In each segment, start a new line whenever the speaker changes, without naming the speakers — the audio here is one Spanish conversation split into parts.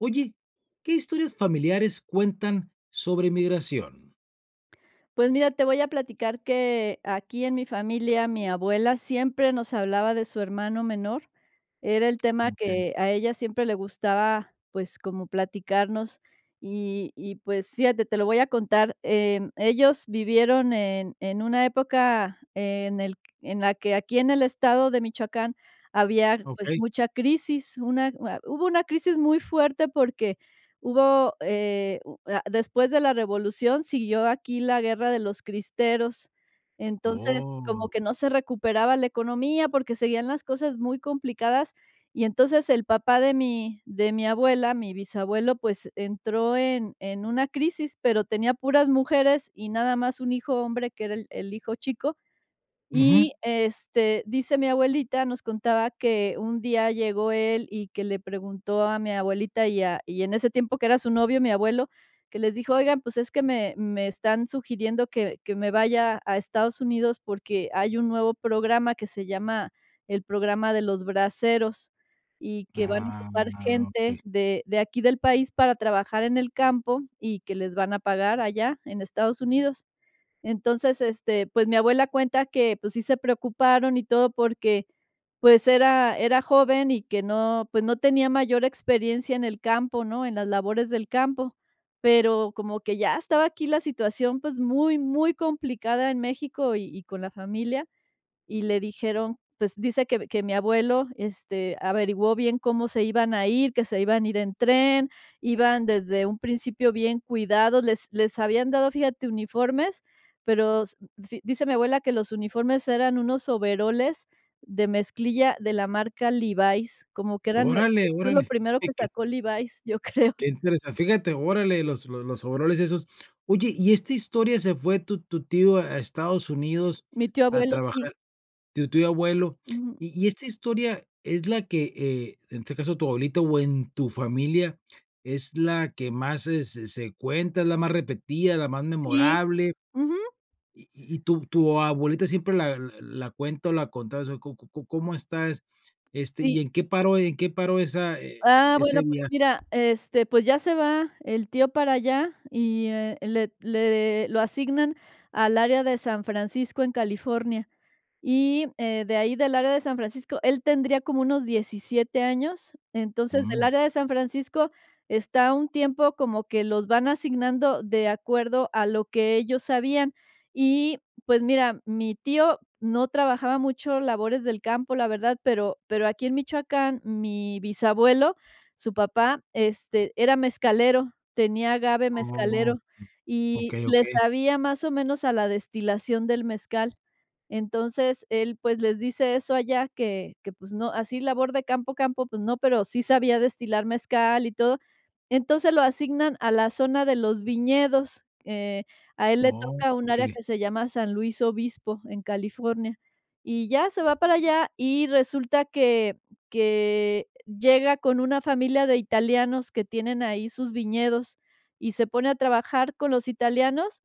Oye, ¿qué historias familiares cuentan sobre migración?
Pues, mira, te voy a platicar que, aquí en mi familia, mi abuela siempre nos hablaba de su hermano menor. Era el tema
Okey.
que a ella siempre le gustaba, pues, como platicarnos, y y, pues, fíjate, te lo voy a contar. Em, ellos vivieron en en una época en el q en la que, aquí en el estado de Michoacán había, pues,
Okey.
mucha crisis, una u a hubo una crisis muy fuerte, porque hubo, eh, u a después de la revolución, siguió aquí la guerra de los cristeros. Entonces, como
¡Oh!
que no se recuperaba la economía, porque seguían las cosas muy complicadas. Y, entonces, el papá de mi de mi abuela, mi bisabuelo, pues, entró en en una crisis, pero tenía puras mujeres y nada más un hijo hombre, que era el el hijo chico.
Ujú.
Y, este, dice mi abuelita, nos contaba que un día llegó él y que le preguntó a mi abuelita y a y en ese tiempo que era su novio mi abuelo, que les dijo, oigan, pues, es que me me están sugiriendo que que me vaya a Estados Unidos, porque hay un nuevo programa que se llama el programa de los braseros, y que van a
Ah,
ocupar
okey.
gente de de aquí del país para trabajar en el campo y que les van a pagar allá en Estados Unidos. Entonces, este, pues, mi abuela cuenta que, pues, sí se preocuparon y todo porque, pues, era era joven y que no, pues, no tenía mayor experiencia en el campo, ¿no?, en las labores del campo. Pero como que ya estaba aquí la situación, pues, muy, muy complicada en México y y con la familia. Y le dijeron, pues, dice que que mi abuelo, este, averiguó bien cómo se iban a ir, que se iban a ir en tren, iban, desde un principio, bien cuidados, les les habían dado, fíjate, uniformes, pero s fi dice mi abuela, que los uniformes eran unos overoles de mezclilla de la marca Levi's, como que eran, yo
Órale,
creo, lo
órale.
primero
¿De
que
qué?
sacó Levi's, yo creo.
Que interesa fíjate, órale los los los overoles esos. Oye, ¿y esta historia, se fue tu tu tío a Estados Unidos
Mi tío
a
abuelo, sí.
trabajar? Tu tío abuelo.
Ujú.
Y y esta historia es la que, eh, en este caso, tu abuelita o en tu familia, ¿es la que más se se se cuenta, es la más repetida, la más
Sí.
memorable?
Ujú.
¿Y y y tu tu abuelita siempre la la la cuenta o la contaba? ¿O co co co cómo está? Este,
Sí.
¿y en qué paró en qué paró esa e
Ah,
ese?
bueno, pues,
[unintelligible]
mira, este, pues, ya se va el tío para allá y, eh, le le lo asignan al área de San Francisco, en California. Y, eh, de ahí del área de San Francisco, él tendría como unos 17 años. Entonces, del
Mm.
área de San Francisco, está un tiempo como que los van asignando de acuerdo a lo que ellos sabían. Y, pues mira, mi tío no trabajaba mucho labores del campo, la verdad, pero pero, aquí en Michoacán, mi bisabuelo, su papá, este, era mezcalero, tenía agave
Oh,
mezcalero,
mm.
y
Okey,
le
okey.
sabía, más o menos, a la destilación del mezcal. Entonces, él, pues, les dice eso allá que que, pues, no, así labor de campo, campo, pues, no, pero sí sabía destilar mezcal y todo. Entonces, lo asignan a la zona de los viñedos. Eh, a él le
Oh,
toca un área
okey.
que se llama San Luis Obispo, en California. Y ya se va para allá y resulta que que llega con una familia de italianos que tienen ahí sus viñedos, y se pone a trabajar con los italianos,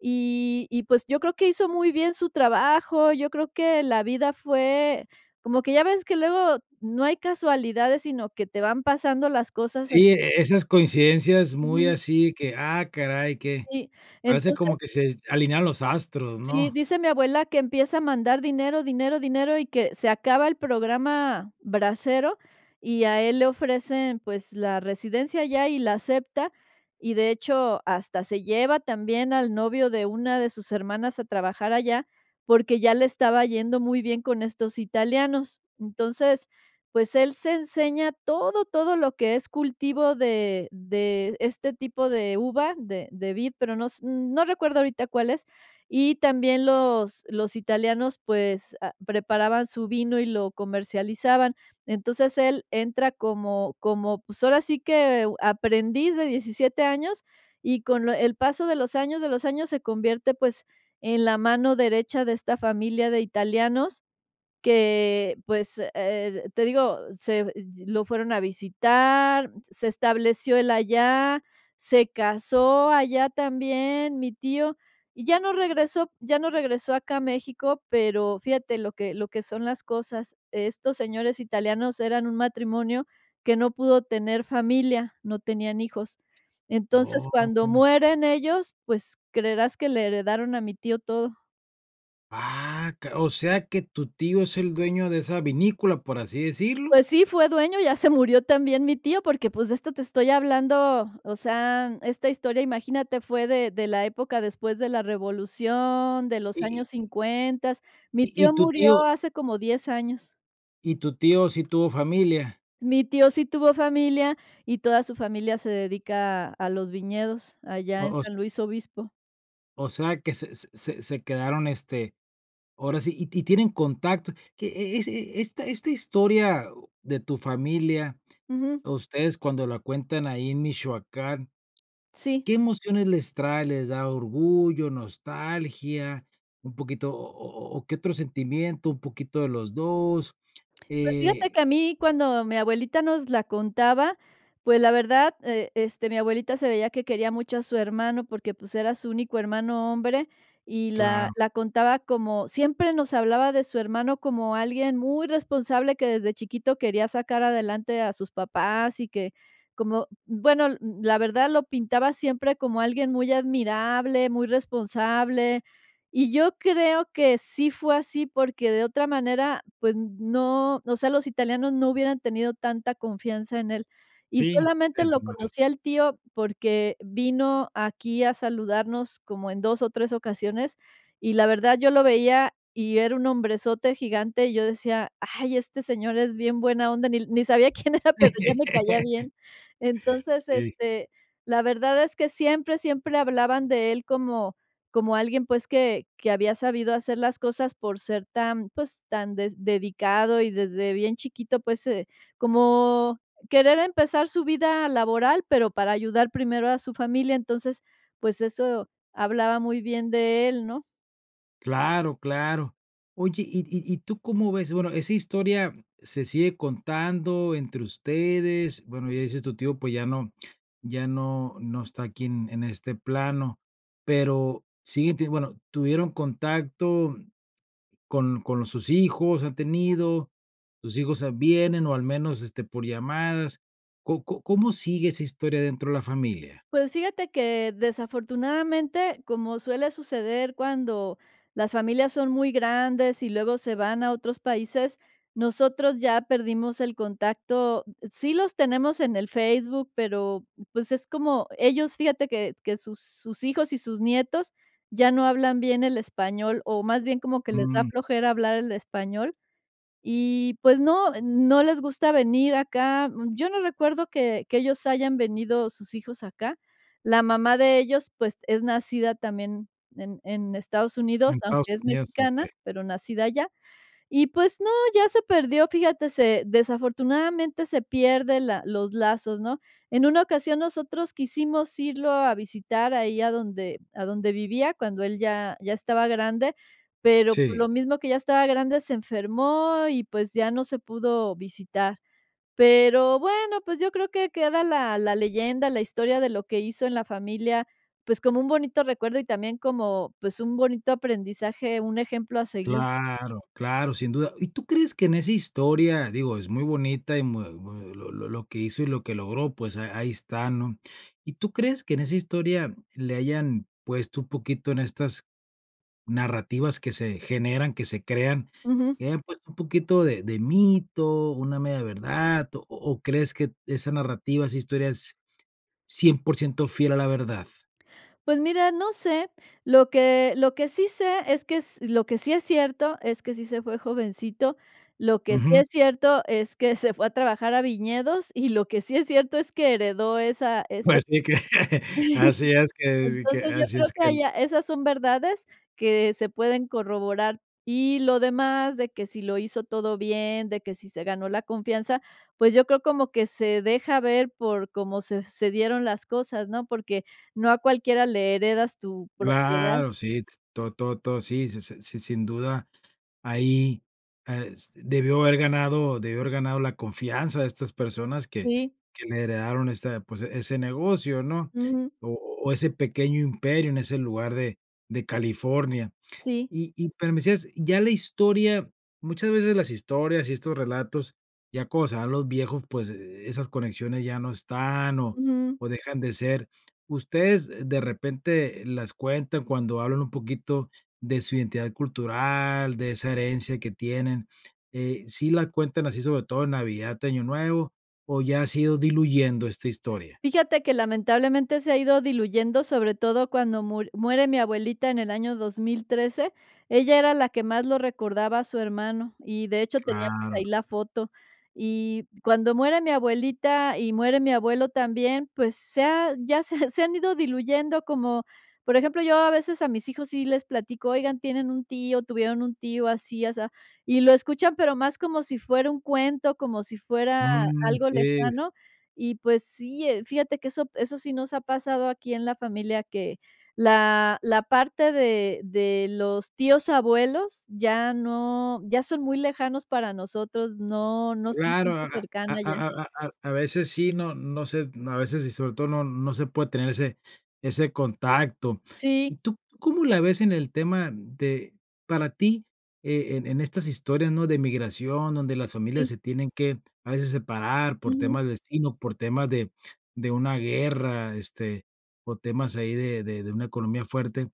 y y, pues, yo creo que hizo muy bien su trabajo, yo creo que la vida fue, como que ya ves que luego no hay casualidades, sino que te van pasando las cosas así.
Sí, e esas coincidencias, muy
Ujú.
así que, ah, caray, qué,
Sí,
parece como
entonces
que se alinearon los astros,
sí,
¿no?
dice mi abuela que empieza a mandar dinero, dinero, dinero, y que se acaba el programa brasero, y a él le ofrecen, pues, la residencia allá y la acepta, y de hecho, hasta se lleva también al novio de una de sus hermanas a trabajar allá, porque ya le estaba yendo muy bien con estos italianos. Entonces, pues, él se enseña todo, todo lo que es cultivo de de este tipo de uva, de de vid, pero no s no recuerdo ahorita cuál es. Y también los los italianos, pues, ah, preparaban su vino y lo comercializaban. Entonces, él entra como como, pues, ahora, sí que, aprendiz de 17 años y, con lo el paso de los años, de los años, se convierte, pues, en la mano derecha de esta familia de italianos que, pues, eh, te digo, se ye lo fueron a visitar, se estableció él allá, se casó allá también, mi tío. Y ya no regresó, ya no regresó acá a México. Pero, fíjate lo que lo que son las cosas. Estos señores italianos eran un matrimonio que no pudo tener familia, no tenían hijos. Entonces, cuando
¡Oh!
mueren ellos, pues, creerás que le heredaron a mi tío todo.
Ah ca o sea, ¿que tu tío es el dueño de esa vinícola, por así decirlo?
Pues, sí, fue dueño, ya se murió también mi tío, porque, pues, de esto te estoy hablando, o sea, esta historia, imagínate, fue de de la época después de la revolución, de
¿Y
los años
y y?
50. Mi
¿y y
tío
tu tío?
murió hace como 10 años.
¿y tu tío, sí tuvo familia?
Mi tío sí tuvo familia y toda su familia se dedica a los viñedos allá en San
[unintelligible]
Luis Obispo.
o sea, que se se se se quedaron, este, ahora sí, ¿y y ti tienen contacto, que, e es e esta esta historia de tu familia,
Ujú.
ustedes, cuando la cuentan ahí en Michoacán?,
Sí.
¿qué emociones les trae?, ¿les da orgullo, nostalgia, un poquito o o o o qué otro sentimiento, un poquito de los 2?
Pues, fíjate
Eh
que a mí, cuando mi abuelita nos la contaba, pues, la verdad, eh, este, mi abuelita se veía que quería mucho a su hermano, porque, pues, era su único hermano hombre, y la
Claro.
la contaba como, siempre nos hablaba de su hermano como alguien muy responsable, que desde chiquito quería sacar adelante a sus papás y que como, bueno, l la verdad, lo pintaba siempre como alguien muy admirable, muy responsable. Y yo creo que sí fue así, porque, de otra manera, pues, no, o sea, los italianos no hubieran tenido tanta confianza en él. Y,
Sí,
solamente,
es
lo
[unintelligible]
conocí al tío, porque vino aquí a saludarnos como en 2 o 3 ocasiones, y, la verdad, yo lo veía y era un hombrezote gigante, y yo decía: "Ay, este señor es bien buena onda", ni ni sabía quién era, pero ya me caía bien. Entonces,
Sí.
este, la verdad es que siempre, siempre hablaban de él como como alguien, pues, que que había sabido hacer las cosas por ser tan, pues, tan des dedicado y desde bien chiquito, pues, eh, como querer empezar su vida laboral, pero para ayudar primero a su familia. Entonces, pues, eso hablaba muy bien de él, ¿no?
Claro, claro. Oye, ¿y y y tú cómo ves? Bueno, esa historia se sigue contando entre ustedes, bueno, ya dices, tu tío, pues, ya no ya no no está aquí en en este plano, pero siguen tenien bueno, tuvieron contacto con con sus hijos, han tenido sus hijos, ah, vienen, o al menos, este, por llamadas. ¿Co co cómo sigue esa historia dentro de la familia?
Pues, fíjate que, desafortunadamente, como suele suceder cuando las familias son muy grandes y luego se van a otros países, nosotros ya perdimos el contacto. Sí los tenemos en el Facebook, pero, pues, es como ellos, fíjate que que sus sus hijos y sus nietos ya no hablan bien el español, o más bien como que les da
Mm.
flojera hablar el español y, pues, no no les gusta venir acá. Yo no recuerdo que que ellos hayan venido, sus hijos acá. La mamá de ellos, pues, es nacida también en en Estados
En
Unidos, aunque
Estados
es
Unidos,
mexicana,
okey.
pero nacida allá. Y pues, no, ya se perdió, fíjate, se desafortunadamente, se pierde la los lazos, ¿no? En una ocasión, nosotros quisimos irlo a visitar ahí a donde a donde vivía cuando él ya ya estaba grande, pero, pues,
Sí.
lo mismo que ya estaba grande, se enfermó y, pues, ya no se pudo visitar. Pero, bueno, pues, yo creo que queda la la leyenda, la historia de lo que hizo en la familia, pues, como un bonito recuerdo y también como, pues, un bonito aprendizaje, un ejemplo a seguir.
Claro, claro, sin duda. ¿Y tú crees que en esa historia? Digo, es muy bonita y muy muy lo lo lo que hizo y lo que logró, pues, a ahí está, ¿no? ¿Y tú crees que en esa historia le hayan puesto un poquito en estas narrativas que se generan, que se crean,
Ujú.
que hayan puesto un poquito de de mito, una media verdad, o o o crees que esa narrativa, esa historia es 100% fiel a la verdad?
Pues, mira, no sé, lo que lo que sí sé es que s lo que sí es cierto, es que sí se fue jovencito, lo que sí
Ujú.
es cierto es que se fue a trabajar a viñedos, y lo que sí es cierto es que heredó esa esa
Pues, sí, que
tierra
así es que así que
Entonces, yo
así
creo
es que el
allá esas son verdades que se pueden corroborar, y lo demás, de que si lo hizo todo bien, de que si se ganó la confianza, pues, yo creo como que se deja ver por cómo se se dieron las cosas, ¿no? Porque no a cualquiera le heredas tu propiedad.
Claro, sí, t todo todo todo sí, si, si. Sí, sin duda, ahí, es debió haber ganado debió haber ganado la confianza de estas personas que
Sí.
que le heredaron esta, pues, ese negocio, ¿no?
Ujú.
O o ese pequeño imperio en ese lugar de de California.
Sí.
Y y pero me decías, ya la historia muchas veces las historias y estos relatos, ya conocerán los viejos, pues, e esas conexiones ya no están o
Ujú.
o dejan de ser. Ustedes, de repente, las cuentan cuando hablan un poquito de su identidad cultural, de esa herencia que tienen, eh, ¿sí la cuentan así sobre todo en Navidad, Año Nuevo, o ya se ha ido diluyendo esta historia?
Fíjate que, lamentablemente, se ha ido diluyendo, sobre todo cuando mur muere mi abuelita en el año 2013. Ella era la que más lo recordaba a su hermano y, de hecho, tenía, pues,
Claro.
ahí la foto y cuando muere mi abuelita y muere mi abuelo también, pues, se ha ya se ha se han ido diluyendo como Por ejemplo, yo a veces, a mis hijos sí les platico, oigan, tienen un tío, tuvieron un tío así asá, y lo escuchan pero más como si fuera un cuento, como si fuera
Mm,
algo
sí.
lejano, y, pues, sí, eh, fíjate que eso eso sí nos ha pasado aquí en la familia, que la la parte de de los tíos abuelos, ya no ya son muy lejanos para nosotros, no no son
Claro, a
gente
a
cercana ya.
a a a a a veces sí, no no se a veces, y sobre todo, no no se puede tener ese ese contacto. ¿Y
Sí.
tú cómo la ves en el tema de para ti, eh, en en estas historias, ¿no? De migración, donde las familias
Sí.
se tienen que, a veces, separar por
Ujú.
temas de destino, por temas de de una guerra, este, o temas ahí de de de una economía fuerte.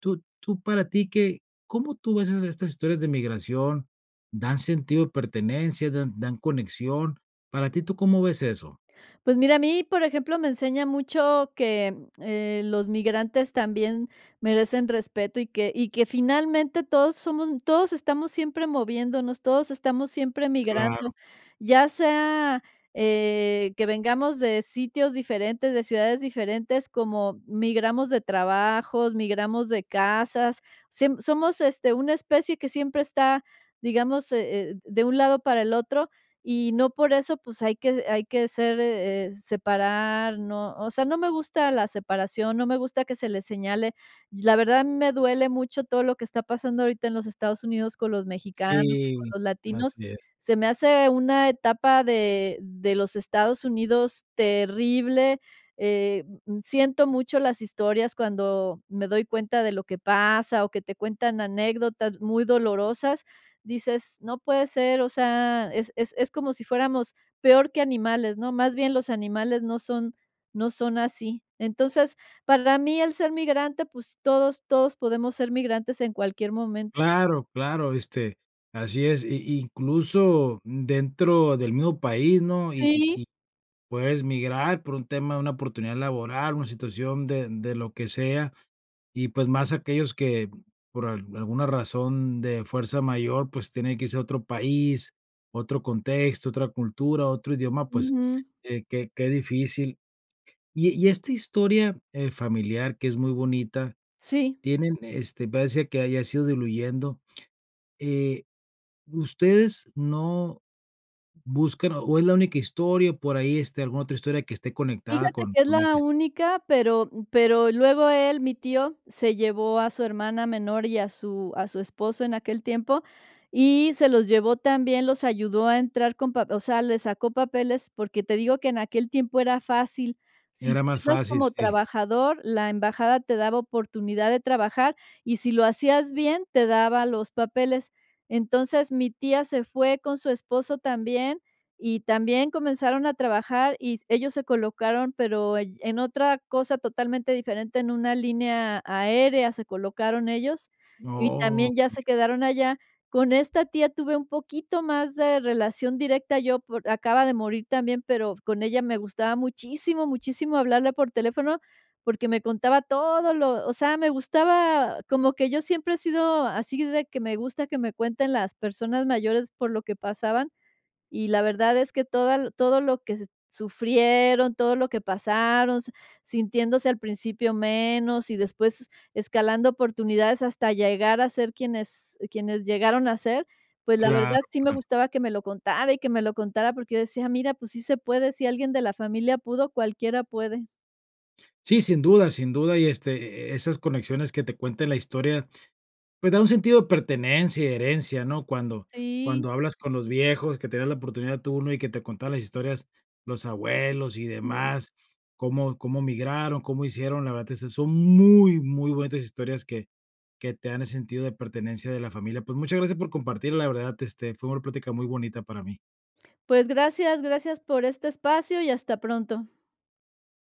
Tú tú para ti, ¿qué? ¿Cómo tú ves esas estas historias de migración? ¿Dan sentido de pertenencia, dan dan conexión? ¿Para ti tú cómo ves eso?
Pues, mira, a mí, por ejemplo, me enseña mucho que, eh, los migrantes también merecen respeto y que y que, finalmente, todos somos todos estamos siempre moviéndonos, todos estamos siempre
Claro.
migrando, ya sea, eh, que vengamos de sitios diferentes, de ciudades diferentes, como migramos de trabajos, migramos de casas, siem somos, este, una especie que siempre está, digamos, eh eh, de un lado para el otro, y no por eso, pues, hay que hay que ser, eh eh, separar no o sea, no me gusta la separación, no me gusta que se le señale. La verdad, a mí me duele mucho todo lo que está pasando ahorita en los Estados Unidos con los mexicanos, con
Sí,
los
así
latinos.
es.
Se me hace una etapa de de los Estados Unidos terrible, eh, mm, siento mucho las historias cuando me doy cuenta de lo que pasa o que te cuentan anécdotas muy dolorosas, dices: "No puede ser, o sea, es es es como si fuéramos peor que animales, ¿no? Más bien los animales no son no son así". Entonces, para mí, el ser migrante, pues, todos todos podemos ser migrantes en cualquier momento.
Claro, claro, este, así es, y y incluso dentro del mismo país, ¿no? Y y
Sí.
y puedes migrar por un tema de una oportunidad laboral, una situación de de lo que sea, y, pues, más aquellos que, por al alguna razón de fuerza mayor, pues, tienen que irse a otro país, otro contexto, otra cultura, otro idioma, pues,
Ujú.
qué qué qué difícil. Y e y esta historia, eh, familiar que es muy bonita,
Sí.
tienen, este, parece que ya se ha ido diluyendo, eh, ¿ustedes no buscan o es la única historia por ahí esté alguna otra historia que esté conectada
Fíjate
con
que es
con
la
este?
única, pero, mm, pero luego él, mi tío, se llevó a su hermana menor y a su a su esposo en aquel tiempo, y se los llevó también, los ayudó a entrar con pap o sea, le sacó papeles, porque te digo, que en aquel tiempo era fácil. Si
Era
tú
mas
ibas
fácil,
como
sí.
trabajador, la embajada te daba oportunidad de trabajar, y si lo hacías bien, te daba los papeles. Entonces, mi tía se fue con su esposo también, y también comenzaron a trabajar, y s ellos se colocaron, pero allí en otra cosa totalmente diferente, en una línea aérea se colocaron ellos, y también ya
Okey.
se quedaron allá. Con esta tía tuve un poquito más de relación directa yo, por acaba de morir también, pero con ella me gustaba muchísimo, muchísimo hablarle por teléfono, porque me contaba todo lo o sea, me gustaba como que yo siempre he sido así de que me gusta que me cuenten las personas mayores por lo que pasaban, y la verdad es que toda todo lo que se sufrieron, todo lo que pasaron, sintiéndose al principio menos, y después escalando oportunidades hasta llegar a ser quienes quienes llegaron a ser, pues, la
Claro,
verdad, sí me
claro.
gustaba que me lo contara y que me lo contara, porque yo decía: "Mira, pues, sí se puede, si alguien de la familia pudo, cualquiera puede".
Sí, sin duda, sin duda, y, este, eh, esas conexiones que te cuente la historia, pues, da un sentido de pertenencia y herencia, ¿no? Cuando
Sí.
cuando hablas con los viejos, que te das la oportunidad tú, ¿no?, y que te contaran las historias, los abuelos y
Jum.
demás, cómo cómo migraron, cómo hicieron, la verdad, que eso son muy, muy bonitas historias que que te dan el sentido de pertenencia de la familia. Pues, muchas gracias por compartir, la verdad, este, fue una plática muy bonita para mí.
Pues, gracias, gracias por este espacio y hasta pronto.